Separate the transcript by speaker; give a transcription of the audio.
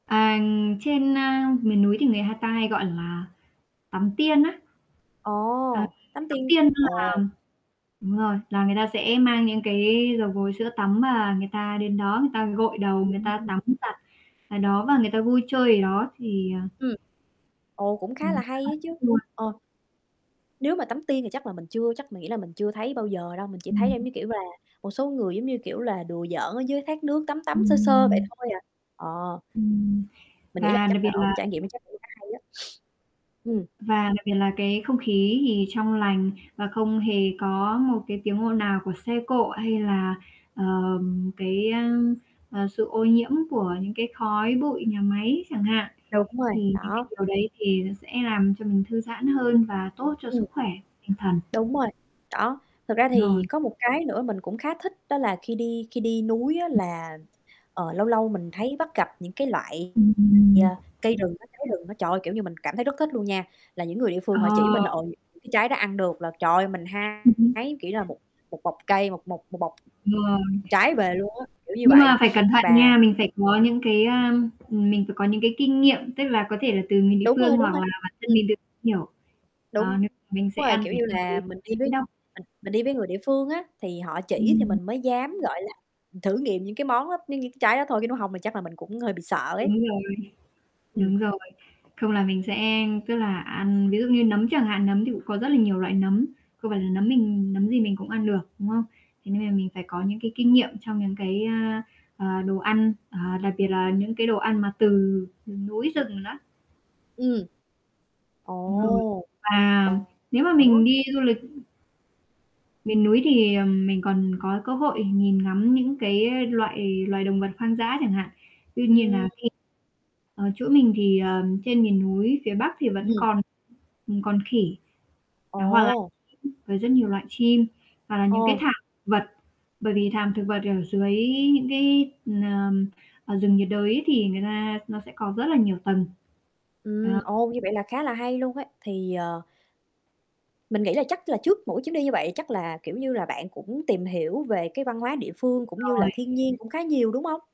Speaker 1: À, trên, a, miền núi thì người h ta hay gọi là tắm tiên á. Ờ.
Speaker 2: Ồ. Tắm
Speaker 1: Tắm
Speaker 2: tiên.
Speaker 1: tiên là
Speaker 2: Ồ.
Speaker 1: đúng rồi, là người ta sẽ mang những cái dầu gội, sữa tắm mà người ta đến đó, người ta gội đầu, người ta
Speaker 2: Ừm.
Speaker 1: tắm giặt ở đó và người ta vui chơi ở đó thì, ờ
Speaker 2: Ừm. Ồ, cũng khá là
Speaker 1: Ừm.
Speaker 2: hay ấy chứ.
Speaker 1: [unintelligible]
Speaker 2: Ờ. Nếu mà tắm tiên thì chắc là mình chưa, chắc mình nghĩ là mình chưa thấy bao giờ đâu, mình chỉ thấy,
Speaker 1: Ừm.
Speaker 2: giống như kiểu là, một số người, giống như kiểu là, đùa giỡn ở dưới thác nước, tắm tắm sơ sơ vậy
Speaker 1: Ừm.
Speaker 2: thôi à. Ờ.
Speaker 1: Ừm.
Speaker 2: Mình nghĩ là
Speaker 1: Và
Speaker 2: chắc
Speaker 1: đặc
Speaker 2: là,
Speaker 1: biệt
Speaker 2: ờ, cái
Speaker 1: là
Speaker 2: trải nghiệm đó chắc cũng hay á. Ừm.
Speaker 1: Và đặc biệt là cái không khí thì trong lành và không hề có một cái tiếng ồn nào của xe cộ, hay là, ờm, cái, a, à, sự ô nhiễm của những cái khói bụi, nhà máy chẳng hạn,
Speaker 2: Đúng rồi,
Speaker 1: thì những cái
Speaker 2: đó.
Speaker 1: điều đấy thì nó sẽ làm cho mình thư giãn hơn và tốt cho
Speaker 2: Ừm.
Speaker 1: sức khỏe tinh thần.
Speaker 2: Đúng rồi. Đó. Thực ra thì
Speaker 1: Rồi.
Speaker 2: có một cái nữa mình cũng khá thích đó là khi đi khi đi núi á là, ờ, lâu lâu mình thấy bắt gặp những cái loại,
Speaker 1: Ừm, ừm,
Speaker 2: ờ,
Speaker 1: ừm.
Speaker 2: cây rừng á, trái rừng á, trời ơi, kiểu như, mình cảm thấy rất thích luôn nha. Là những người địa phương
Speaker 1: Ờ.
Speaker 2: họ chỉ mình là, ờ, những cái trái đó ăn được là, trời ơi, mình
Speaker 1: Ừm hứm.
Speaker 2: hái, kiểu như là, một một bọc cây, một một một bọc
Speaker 1: Đúng rồi.
Speaker 2: trái về luôn á, kiểu như
Speaker 1: Nhưng
Speaker 2: vậy.
Speaker 1: mà phải cẩn thận
Speaker 2: Và
Speaker 1: nha, mình phải có những cái, a, mình phải có những cái kinh nghiệm, tức là có thể là từ người địa
Speaker 2: Đúng
Speaker 1: phương,
Speaker 2: rồi,
Speaker 1: hoặc
Speaker 2: đúng rồi.
Speaker 1: là bản thân
Speaker 2: Ừm.
Speaker 1: mình được hiểu. Ờ, nơi
Speaker 2: Đúng
Speaker 1: mình sẽ
Speaker 2: rồi,
Speaker 1: ăn
Speaker 2: kiểu
Speaker 1: phải
Speaker 2: như
Speaker 1: những
Speaker 2: là, mình đi với
Speaker 1: cái [unintelligible] đâu.
Speaker 2: mình mình đi với người địa phương á, thì họ chỉ thì
Speaker 1: Ừm.
Speaker 2: mình mới dám, gọi là, mình thử nghiệm những cái món đó, nh những cái trái đó thôi, chứ nếu hông thì chắc là mình cũng hơi bị sợ ấy.
Speaker 1: Đúng rồi.
Speaker 2: Ừm.
Speaker 1: Đúng rồi. Không là mình sẽ tức là ăn, ví dụ như nấm chẳng hạn, nấm thì cũng có rất là nhiều loại nấm, không phải là nấm mình nấm gì mình cũng ăn được, đúng không? Thế nên là mình phải có những cái kinh nghiệm trong những cái, a, à, đồ ăn, à, đặc biệt là những cái đồ ăn mà từ rừng núi rừng đó.
Speaker 2: Ừm.
Speaker 1: Đúng rồi.
Speaker 2: Ồ.
Speaker 1: Và nếu mà mình
Speaker 2: [unintelligible]
Speaker 1: đi du lịch miền núi thì, ừm, mình còn có cơ hội nhìn ngắm những cái loại loài động vật hoang dã chẳng hạn. Tuy nhiên
Speaker 2: Ừm.
Speaker 1: nà khi ở chỗ mình thì, ờ, trên miền núi phía Bắc thì vẫn
Speaker 2: Ừm.
Speaker 1: còn còn khỉ, à, hoặc là
Speaker 2: Ồ.
Speaker 1: [unintelligible] với rất nhiều loại chim, hoặc là những cái
Speaker 2: Ồ.
Speaker 1: thảm vật, bởi vì thảm thực vật ở dưới những cái, ờm, ở rừng nhiệt đới thì người ta nó sẽ có rất là nhiều tầng.
Speaker 2: Ừm,
Speaker 1: À.
Speaker 2: ồ, như vậy là khá là hay luôn ấy, thì, ờ Mình nghĩ là chắc là trước mỗi chuyến đi như vậy, chắc là, kiểu như là, bạn cũng tìm hiểu về cái văn hóa địa
Speaker 1: Đúng
Speaker 2: phương, cũng như là
Speaker 1: rồi.
Speaker 2: thiên nhiên cũng khá nhiều, đúng hông?